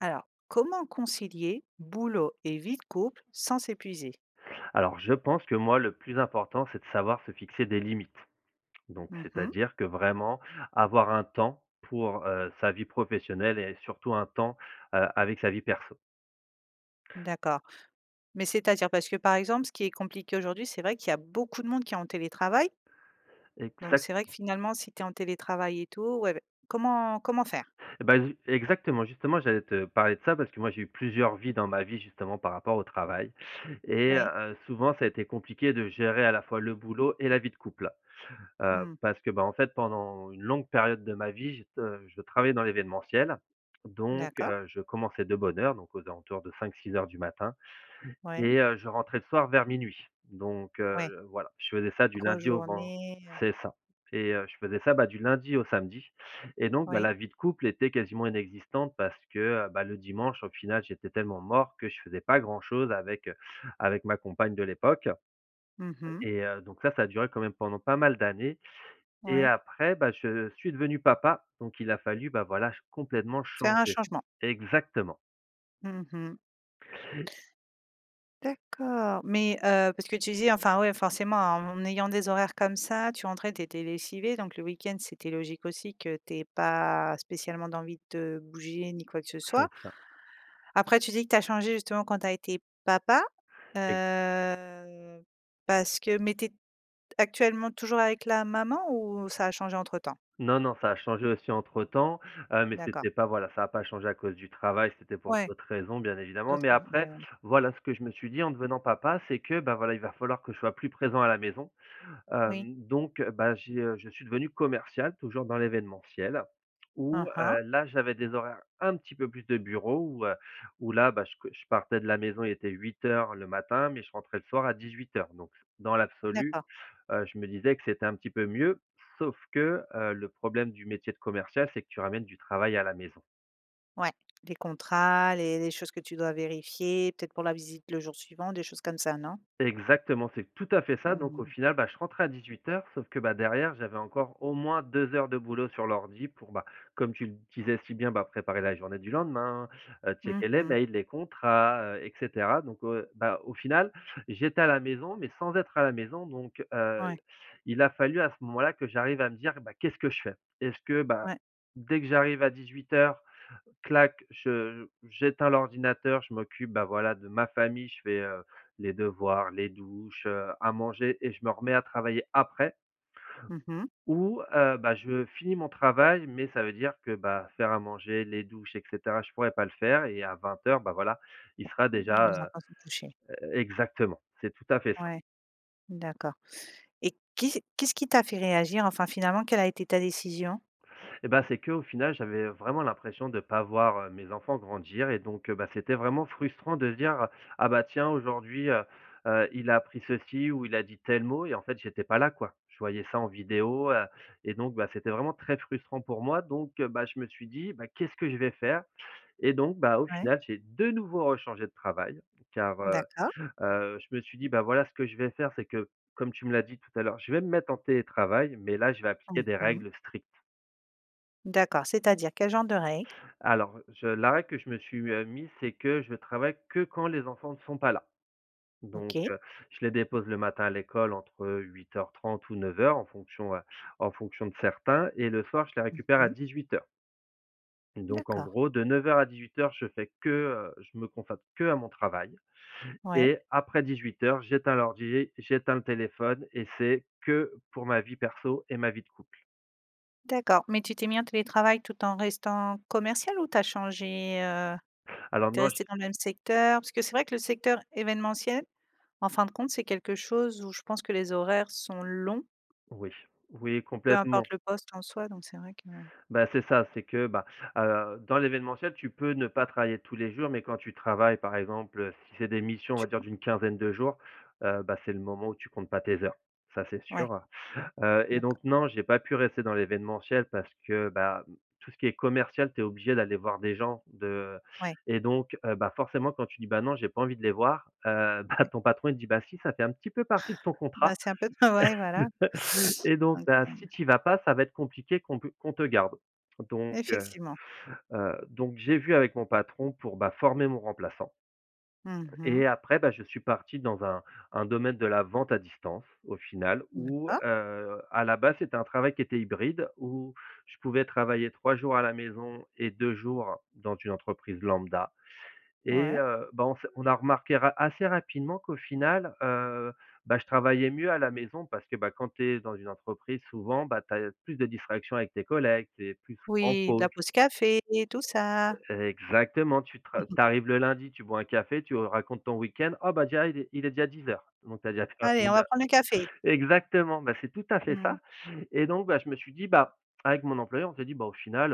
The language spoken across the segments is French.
Alors, comment concilier boulot et vie de couple sans s'épuiser? Alors, je pense que, moi, le plus important, c'est de savoir se fixer des limites. Donc, Mmh mh. c'est-à-dire que, vraiment, avoir un temps pour, heu, sa vie professionnelle et surtout un temps, heu, avec sa vie perso. D'accord, mais, c'est-à-dire? Parce que, par exemple, ce qui est compliqué, aujourd'hui, c'est vrai qu'il y a beaucoup de monde qui est en télétravail donc Exact c'est vrai que finalement, si tu es en télétravail et tout, ouais, ouais, comment comment faire? Eh bah, ju exactement, justement, j'allais te parler de ça, parce que, moi, j'ai eu plusieurs vies, dans ma vie, justement, par rapport au travail. Et, Oui. heu, souvent, ça a été compliqué de gérer à la fois le boulot et la vie de couple. Heu, Mmh. parce que, bah, en fait, pendant une longue période de ma vie, j'ai t heu, je travaillais dans l'événementiel, donc, D'accord. heu, je commençais de bonne heure, donc aux alentours de 5:00-6:00 du matin Ouais. et heu, je rentrais le soir vers 00:00. Donc, Ouais. heu, voilà, je faisais ça du Grosse lundi au ven journée, heu. c'est ça, et, heu, je faisais ça, bah, du lundi au samedi et donc, bah, Oui. la vie de couple était quasiment inexistante parce que, bah, le dimanche, au final, j'étais tellement mort que je faisais pas grand-chose avec, heu, avec ma compagne de l'époque. Mmh mh. Et, heu, donc ça, ça a duré quand même pendant pas mal d'années. Et Ouais. après, bah, je suis devenu papa, donc il a fallu, bah, voilà, ch complètement Faire un changer. changement. Exactement. Mmh mh. D'accord, mais, heu, parce que tu disais, enfin, ouais, forcément, en ayant des horaires comme ça, tu rentrais, tu étais lessivé, donc le week-end, c'était logique aussi que tu aies pas spécialement d'envie de te bouger, ni quoi que ce soit. C'est ça. Après, tu dis que tu as changé, justement, quand tu as été papa, Ex heu, parce que, mais tu es actuellement toujours avec la maman ou ça a changé entre temps? Non, non, ça a changé aussi, entre-temps, heu, mais, D'accord. c'était pas, voilà, ça a pas changé à cause du travail. C'était pour Ouais, d'autres raisons, bien évidemment, d'autres mais raisons. après, Ouais ouais. voilà, ce que je me suis dit, en devenant papa, c'est que, bah, voilà, il va falloir que je sois plus présent à la maison. Oui. Hem, donc, bah, j'ai heu, je suis devenu commercial toujours dans l'événementiel où, Aha. heu, là, j'avais des horaires, un petit peu plus de bureau où, heu, où là, bah, je co je partais de la maison, il était 8:00 le matin, mais je rentrais le soir à 18:00. Donc, dans l'absolu, D'accord. heu, je me disais que c'était un petit peu mieux sauf que, heu, le problème du métier de commercial, c'est que tu ramènes du travail à la maison. Ouais les contrats, les les choses que tu dois vérifier peut-être pour la visite le jour suivant des choses comme ça non? Exactement, c'est tout à fait ça. Donc au Mmh. final, bah je rentrais à 18:00 sauf que bah derrière j'avais encore au moins 2 heures de boulot sur l'ordi pour bah comme tu l disais si bien, bah préparer la journée du lendemain, heu, Mmh checker les mh. mails, les contrats, heu et cetera donc heu, bah au final j'étais à la maison mais sans être à la maison donc heu, Ouais. il a fallu à ce moment-là que j'arrive à me dire: «Bah qu'est-ce que je fais?» Est-ce que bah, Ouais. dès que j'arrive à 18:00, clac, je j'éteins l'ordinateur, je m'occupe, bah voilà, de ma famille, je fais, heu, les devoirs, les douches, heu, à manger et je me remets à travailler après Mmh mh. ou, heu, bah, je finis mon travail, mais ça veut dire que bah faire à manger, les douches et cetera, je pourrais pas le faire et à 20:00, bah voilà, il sera Mmh, déjà, les heu» enfants sont touchés. heu exactement, c'est tout à fait ça. Ouais, d'accord et qu'est-ce qu'est-ce qui t'a fait réagir? Enfin finalement, quelle a été ta décision? Et bah c'est qu'au final, j'avais, heu, vraiment l'impression de pas voir, heu, mes enfants grandir et donc heu, bah, c'était vraiment frustrant de se dire: «Ah bah tiens aujourd'hui, heu, heu il a appris ceci ou il a dit tel mot et en fait, j'étais pas là quoi». Je voyais ça en vidéo, heu et donc, bah c'était vraiment très frustrant pour moi, donc heu, bah, je me suis dit: «Bah qu'est-ce que je vais faire?» et donc, bah au Ouais. final, j'ai de nouveau rechangé de travail, car, heu, D'accord. heu je me suis dit: «Bah voilà ce que je vais faire c'est que- comme tu me l'as dit tout à l'heure- je vais me mettre en télétravail, mais là je vais appliquer des OK. règles strictes». D'accord, c'est-à-dire, quel genre de règles? Alors, je la règle que je me suis, heu, mise, c'est que je travaille que quand les enfants ne sont pas là. Donc, OK. heu, je les dépose le matin à l'école entre 8:30 ou 9:00, en fonction, heu, en fonction de certains. Et le soir, je les Mmh récupère à mh. 18:00. Donc en D'accord. gros, de 9:00 à 18:00, je fais que, heu, je me consacre qu'à mon travail Ouais. et après 18:00, j'éteins l'ordi, j'éteins le téléphone et c'est que pour ma vie perso et ma vie de couple. D'accord, mais tu t'es mis en télétravail tout en restant commercial ou tu as changé, heu? Alors Tu es moi, je resté dans le même secteur? Parce que c'est vrai que le secteur événementiel, en fin de compte, c'est quelque chose où je pense que les horaires sont longs Oui, oui, peu complètement. importe le poste en soi, donc, c'est vrai que Bah, c'est ça, c'est que, ben, heu, dans l'événementiel, tu peux ne pas travailler tous les jours, mais quand tu travailles, par exemple, heu, si c'est des missions, on Tu va dire, [unintelligible] d'une quinzaine de jours, heu, bah, c'est le moment où tu comptes pas tes heures, ça c'est Ouais. sûr. Heu, et D'accord. donc, non, j'ai pas pu rester dans l'événementiel parce que, bah, tout ce qui est commercial, tu es obligé d'aller voir des gens de Ouais. et donc, heu, bah, forcément quand tu dis: «Bah, non, j'ai pas envie de les voir», heu, bah, Ouais. ton patron il te dit: «Bah, si, ça fait un petit peu partie de ton Bah, contrat, c'est un peu de travail, voilà. et donc, Donc, bah, si heu tu y vas pas, ça va être compliqué qu'on pe qu'on te garde». Donc, heu Effectivement. heu, donc, j'ai vu avec mon patron pour, bah, former mon remplaçant. Mmh mh. Et après, bah, je suis parti dans un un domaine de la vente à distance, au final, où, D'accord. heu, à la base, c'était un travail qui était hybride où je pouvais travailler 3 jours à la maison et 2 jours dans une entreprise lambda. Et, Ouais. heu, bah, on s'est on a remarqué ra assez rapidement qu'au final, heu, bah, je travaillais mieux à la maison, parce que, bah, quand tu es dans une entreprise, souvent, bah, tu as l plus de distractions avec tes collègues, tu es plus souvent en Oui, la pause. pause café et tout ça. Exactement, tu Mmh tra tu mh. arrives le lundi, tu bois un café, tu racontes ton week-end, oh bah, déjà, il est il est déjà 10:00 donc tu as déjà perdu «Allez on 1 va heure. prendre le café.» Exactement, bah, c'est tout à fait Mmh. ça. Et donc, bah, je me suis dit, bah, avec mon employeur, on s'est dit: «Bah, au final,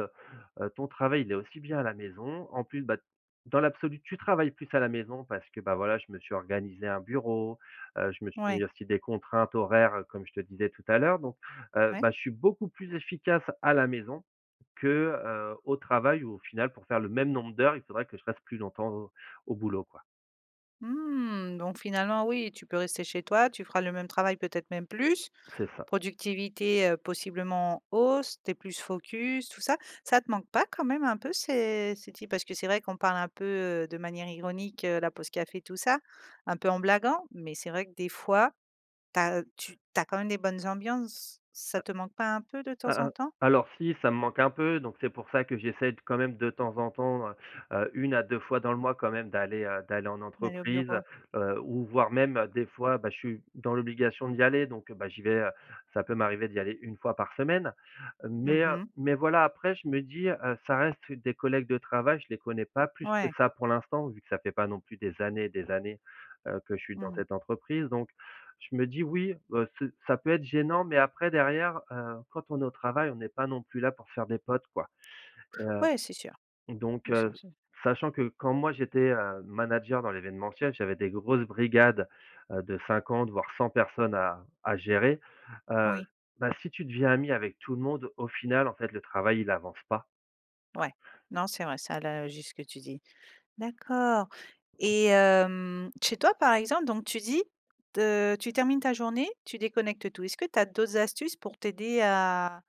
heu heu, ton travail, il est aussi bien à la maison. En plus, bah, dans l'absolu, tu travailles plus à la maison», parce que, bah, voilà, je me suis organisé un bureau. Heu, je me suis Ouais. mis aussi des contraintes horaires, comme je te disais tout à l'heure. Donc, heu, Ouais. bah, je suis beaucoup plus efficace à la maison que, heu, au travail où, au final, pour faire le même nombre d'heures, il faudrait que je passe plus longtemps au au boulot quoi. Mmh, donc, finalement, oui, tu peux rester chez toi. Tu feras le même travail, peut-être même plus, C'est ça. productivité, heu, possiblement en hausse. Tu es plus focus, tout ça. Ça te manque pas, quand même un peu, ces ces types? Parce que, c'est vrai, qu'on parle un peu, heu, de manière ironique, heu, à la pause café tout ça, un peu en blaguant. Mais, c'est vrai que, des fois, tu as tu tu as quand même des bonnes ambiances. Ça A te manque pas un peu de temps a a en temps? alors, si, ça me manque un peu. Donc, c'est pour ça que j'essaie d quand même, de temps en temps, heu, heu, 1 à 2 fois dans le mois quand même d'aller, heu, d'aller en D'aller au entreprise, heu, bureau. heu, ou voire même des fois, bah, je suis dans l'obligation d'y aller. Donc, bah, j'y vais, heu, ça peut m'arriver d'y aller 1 fois par semaine. Mmh Mais, heu, mh. mais, voilà, après, je me dis, heu, ça reste des collègues de travail. Je les connais pas plus que Ouais. ça, pour l'instant, vu que ça fait pas non plus des années et des années, heu, que je suis dans Mmh. cette entreprise. Donc, je me dis: «Oui, bah, c'est ça peut être gênant». Mais, après, derrière, heu, quand on est au travail, on n'est pas non plus là pour faire des potes, quoi et heu, Ouais, c'est sûr, donc, ouais c'est heu, sûr. sachant que, quand moi j'étais, heu, manager dans l'événementiel, j'avais des grosses brigades, heu, de 50 voire 100 personnes à à gérer, heu, Oui. bah, si tu deviens ami avec tout le monde, au final, en fait, le travail, il avance pas. Ouais, non, c'est vrai. Ça a l'air juste ce que tu dis. D'accord et hem, chez toi, par exemple, donc tu dis te tu termines ta journée, tu déconnectes tout. Est-ce que tu as d'autres astuces pour t'aider à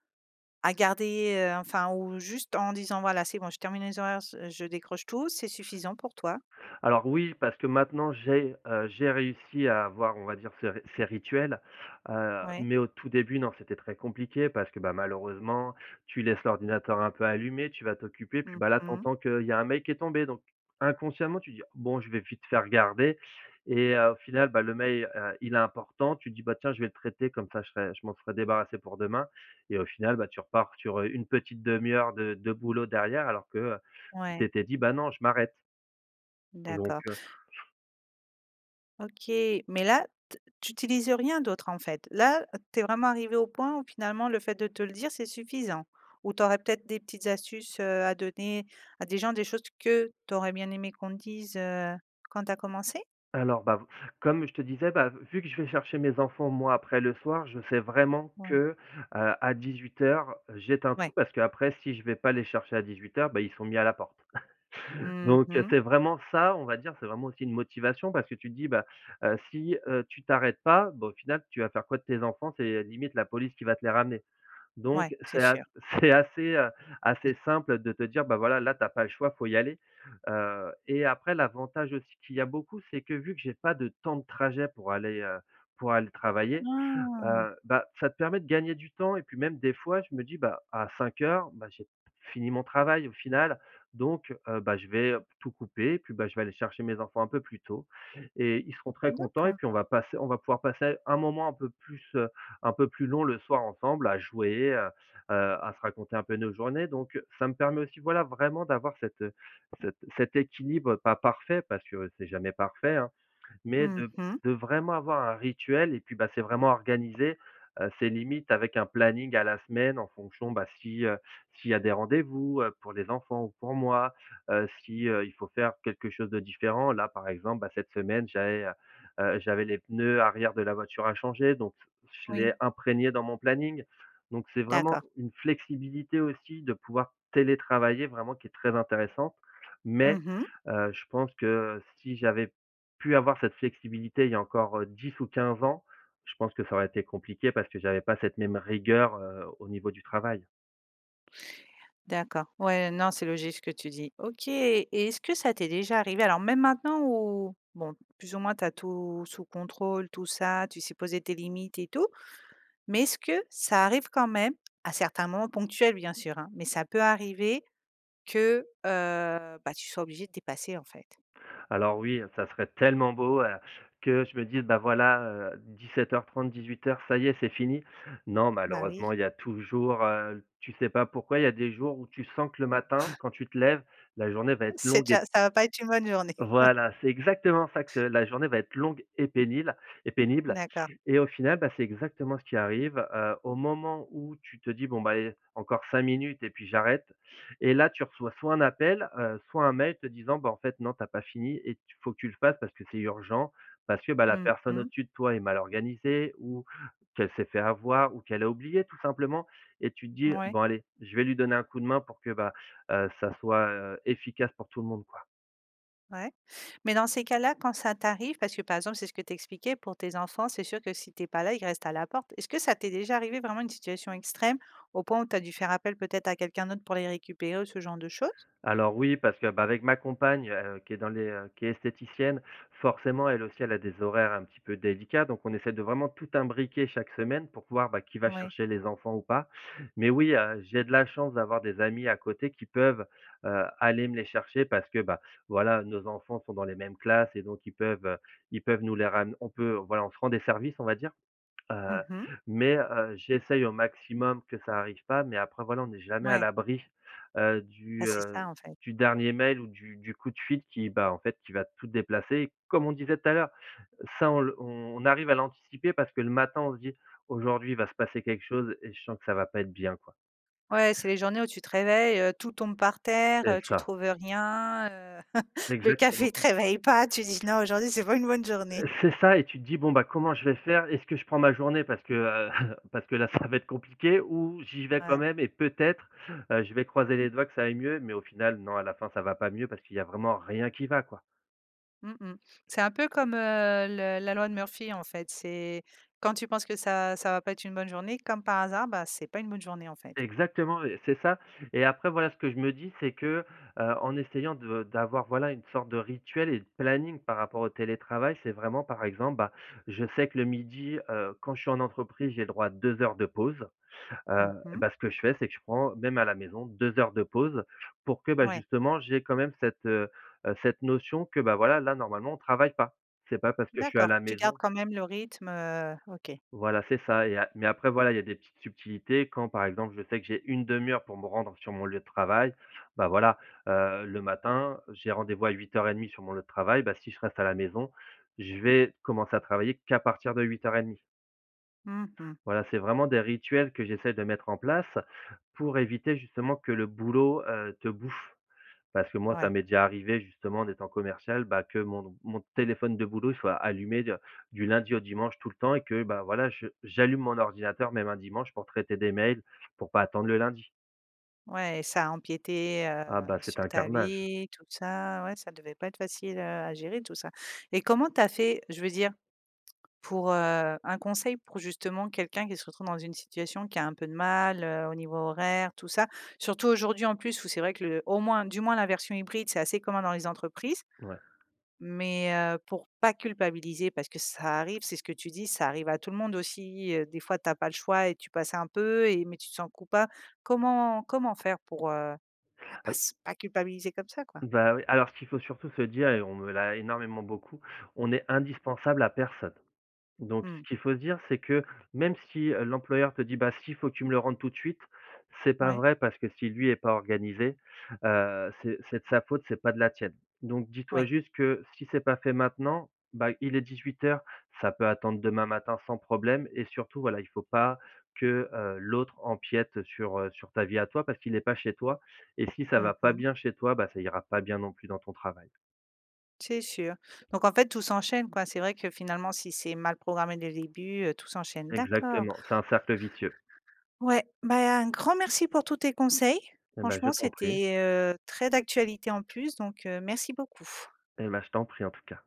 à garder, heu, enfin, ou, juste, en disant: «Voilà, c'est bon. Je termine les horaires s je décroche tout». C'est suffisant pour toi? Alors oui, parce que maintenant j'ai, heu, j'ai réussi à avoir, on va dire, ce ces rituels, heu, Ouais. mais, au tout début, non. C'était très compliqué parce que, bah, malheureusement, tu laisses l'ordinateur un peu allumé, tu vas t'occuper. Puis, Mmh bah, là, tu mh. entends qu'il y a un mail qui est tombé, donc inconsciemment tu te dis: «Bon, je vais vite fait regarder» et heu, au final, bah, le mail, heu, il est important, tu te dis: «Bah, tiens, je vais le traiter, comme ça, je serai je m'en serai débarrassé pour demain» et au final, bah, tu repars sur, heu, une petite demi-heure de de boulot derrière alors que, heu, tu Ouais. t'étais dit: «Bah, non, je m'arrête». Donc, D'accord. heu OK. Mais, là, t tu utilises rien d'autre, en fait? Là, tu es vraiment arrivé au point, où, finalement, le fait de te le dire, c'est suffisant? Ou tu aurais peut-être des petites astuces, heu, à donner à des gens? Des choses que tu aurais bien aimé qu'on te dise, heu, quand tu as commencé? Alors, bah, v comme je te disais, bah, vu que je vais chercher mes enfants, moi, après le soir, je sais vraiment que, Ouais. heu, à 18:00, j'éteins tout. Ouais. Parce qu'après, si je vais pas les chercher à 18:00, bah, ils sont mis à la porte. Mmh Donc, heu, mh. c'est vraiment ça, on va dire. C'est vraiment aussi une motivation parce que tu te dis: «Bah, heu, si, heu, tu t'arrêtes pas, bah, au final, tu vas faire quoi de tes enfants? C'est limite, la police qui va te les ramener.» Ouais. Donc, C'est c'est a sûr. c'est assez, heu, assez simple de te dire: «Bah, voilà, là, tu as pas le choix, faut y aller» heu et après, l'avantage aussi qu'il y a beaucoup, c'est que, vu que j'ai pas de temps de trajet pour aller, heu, pour aller travailler, Hein! heu, bah, ça te permet de gagner du temps et puis, même, des fois, je me dis: «Bah à 17:00 bah, j'ai fini mon travail, au final. Donc, heu, bah, je vais tout couper. Puis, bah, je vais aller chercher mes enfants un peu plus tôt et ils seront très contents et D'accord. puis on va pass on va pouvoir passer un moment un peu plus, heu, un peu plus long le soir ensemble à jouer, heu, heu, à se raconter un peu nos journées». Donc, heu, ça me permet aussi, voilà, vraiment d'avoir cet, heu, cet cet équilibre, pas parfait, parce que c'est jamais parfait, hein. Mais, Mmh de mh. de vraiment avoir un rituel et puis, bah, c'est vraiment organiser, heu, c'est limite avec un planning à la semaine en fonction, bah, si, heu, s'il y a des rendez-vous, heu, pour les enfants ou pour moi, heu. Si, heu, il faut faire quelque chose de différent. Là, par exemple, bah, cette semaine, j'avais, heu, heu, j'avais les pneus arrière de la voiture à changer. Donc, je l'ai Oui. imprégné dans mon planning. Donc, c'est vraiment D'accord. une flexibilité aussi de pouvoir télétravailler vraiment qui est très intéressante. Mais, Mmh mh. heu, je pense que, heu, si j'avais pu avoir cette flexibilité il y a encore, heu, 10 ou 15 ans, je pense que ça aurait été compliqué, parce que j'avais pas cette même rigueur, heu, au niveau du travail. D'accord. Ouais, non, c'est logique ce que tu dis. OK, et est-ce que ça t'est déjà arrivé, alors même maintenant ou, bon, plus ou moins tu as tout sous-contrôle, tout ça, tu sais, poser tes limites et tout, mais est-ce que ça arrive quand même, à certains moments ponctuels bien sûr, hein, mais ça peut arriver que, heu, ben, tu sois obligé dépasser en fait? Alors oui, heu, ça serait tellement beau, heu, que je me dise: «Ben voilà, heu, 17:30-18:00, ça y est, c'est fini. Non Bah, oui. malheureusement, il y a toujours, heu tu sais pas pourquoi il y a des jours où tu sens que le matin, quand tu te lèves, la journée va être C'est longue et déjà ça va pas être une bonne journée. Voilà. C'est exactement ça, que c'est la journée va être longue et pénible et pénible, D'accord. et au final, ben, c'est exactement ce qui arrive. Heu, au moment où tu te dis: «Bon, ben, eh, encore 5 minutes et puis j'arrête» et là tu reçois soit un appel, heu, soit un mail te disant: «Bah, en fait non, tu as pas fini et tu il faut que tu le fasses parce que c'est urgent». Parce que, bah, la Mmh personne mh. au-dessus de toi est mal organisée ou qu'elle s'est fait avoir ou qu'elle a oublié tout simplement et tu te dis: Mouais. «Bon allez, je vais lui donner un coup de main pour que ben, heu, ça soit, heu, efficace pour tout le monde quoi». Ouais, mais dans ces cas-là, quand ça t'arrive parce que par exemple, c'est ce que tu expliquais pour tes enfants, c'est sûr que si tu es pas là, ils restent à la porte. Est-ce que ça t'est déjà arrivé, vraiment une situation extrême, au point où tu as dû faire appel peut-être à quelqu'un d'autre pour les récupérer ou ce genre de choses? Alors oui, parce que, bah, avec ma compagne, heu, qui est dans les, heu, qui est esthéticienne, forcément elle aussi elle a des horaires un petit peu délicat, donc on essaie de vraiment tout imbriquer chaque semaine pour pouvoir, ben, qui va Oui. chercher les enfants ou pas, mais oui, heu, j'ai de la chance d'avoir des amis à côté qui peuvent, heu, aller me les chercher. Parce que, bah, voilà, nos enfants sont dans les mêmes classes et donc ils peuvent, heu, ils peuvent nous les ram on peut voilà, on se rend des services, on va dire. Heu, Mmh mh. mais heu, j'essaye au maximum que ça arrive pas, mais après, voilà, on est jamais à Mouais. l'abri, heu, Bah, du, c'est heu, ça en fait. du dernier mail ou du du coup de fil, qui, bah, en fait qui va tout déplacer. Comme on disait tout à l'heure, ça on le on arrive à l'anticiper parce que le matin, on se dit: «Aujourd'hui, il va se passer quelque chose et je sens que ça va pas être bien, quoi». Ouais c'est les journées où tu te réveilles, heu, tout tombe par terre, C'est heu, tu ça. trouves rien, heu. Le Exactement. café te réveille pas, tu dis: «Non aujourd'hui c'est pas une bonne journée». C'est ça et tu te dis: «Bon comment je vais faire? Est-ce que je prends ma journée parce que, heu, parce que là ça va être compliqué, ou si je vais quand Ouais. même et peut-être, heu, je vais croiser les doigts que ça aille mieux», mais au final non, à la fin ça va pas mieux parce qu'il y a vraiment rien qui va quoi. Mmh mh. C'est un peu comme, heu, le la loi de Murphy, en fait. C'est quand tu penses que ça ça va pas être une bonne journée, comme par hasard, bah, c’est pas une bonne journée, en fait. Exactement, et c'est ça. Et après, voilà, ce que je me dis, c'est que: «heu, en essayant de d'avoir, voilà, une sorte de rituel et de planning par rapport au télétravail, c'est vraiment, par exemple, bah, je sais que le 12:00, heu, quand je suis en entreprise, j'ai le droit à 2 heures de pause, heu. Mmh mh. Bah, ce que je fais, c'est que je prends même à la maison 2 heures de pause pour que, bah, Ouais. justement, j'aie quand même cette, heu heu, cette notion que, bah, voilà, là normalement, on travaille pas. C’est pas parce que je suis à D'accord. la Tu gardes maison» quand même le rythme, heu. OK. Voilà c'est ça, et ap mais après, voilà, il y a des petites subtilités. Quand, par exemple, je sais que j'ai une 1/2 heure pour me rendre sur mon lieu de travail, bah voilà. Heu, le matin, j'ai rendez-vous à 8h30 sur mon lieu de travail. Bah, si je reste à la maison, je vais commencer à travailler qu'à partir de 8h30. Mmh mh. Voilà, c'est vraiment des rituels que j'essaie de mettre en place pour éviter, justement, que le boulot, heu, te bouffe. Parce que moi, ça Ouais. m'est déjà arrivé, justement, en étant commercial, bah, que mon n mon téléphone de boulot soit allumé d du lundi au dimanche, tout le temps, et que, bah, voilà, j j'allume mon ordinateur même un dimanche pour traiter des mails, pour pas attendre le lundi. Ouais, et ça empiétait, Ah, bah, heu, c'était sur un ta carnage. vie, tout ça. Ouais, ça devait pas être facile, heu, à gérer tout ça, et comment tu as fait, je veux dire, pour, heu, un conseil pour justement quelqu'un qui se retrouve dans une situation qui a un peu de mal, heu, au niveau horaire, tout ça? Surtout, aujourd'hui, en plus où c'est vrai que le au moins du moins la version hybride, c'est assez commun dans les entreprises, Ouais. mais heu, pour pas culpabiliser parce que ça arrive, c'est ce que tu dis, ça arrive à tout le monde aussi, heu, des fois, tu as pas le choix et tu passais un peu et mais tu te sens coupa comment comment faire pour, heu, bah pas Al s pas culpabiliser comme ça, quoi? Bah oui, alors qu'il faut surtout se dire et on me l'a énormément beaucoup. On est indispensable à personne, donc ce Mmh. qu'il faut se dire, c'est que, même si, heu, l'employeur te dit: «Bah, si, il faut que tu me le rendes tout de suite». C'est pas Ouais. vrai parce que si, lui, est pas organisé, heu, c'est c'est de sa faute, c'est pas de la tienne, donc dis-toi Ouais. juste que si c'est pas fait maintenant, bah, il est 18:00, ça peut attendre demain matin sans problème, et surtout, voilà, il faut pas que, heu, l'autre empiète sur, heu, sur ta vie à toi parce qu'il est pas chez toi, et si ça Mmh va pas mh. bien chez toi, bah, ça ira pas bien, non plus, dans ton travail. C'est sûr, donc en fait, tout s'enchaîne, quoi. C'est vrai que, finalement, si c'est mal programmé dès le début, heu, tout s'enchaîne. D'accord. Exactement, c'est un cercle vicieux. Ouais. Bah et un grand merci pour tous tes conseils. Et ben, je Franchement, t'en prie. c'était, heu, très d'actualité, en plus, donc heu, merci beaucoup. Et ben, je t'en prie, en tout cas.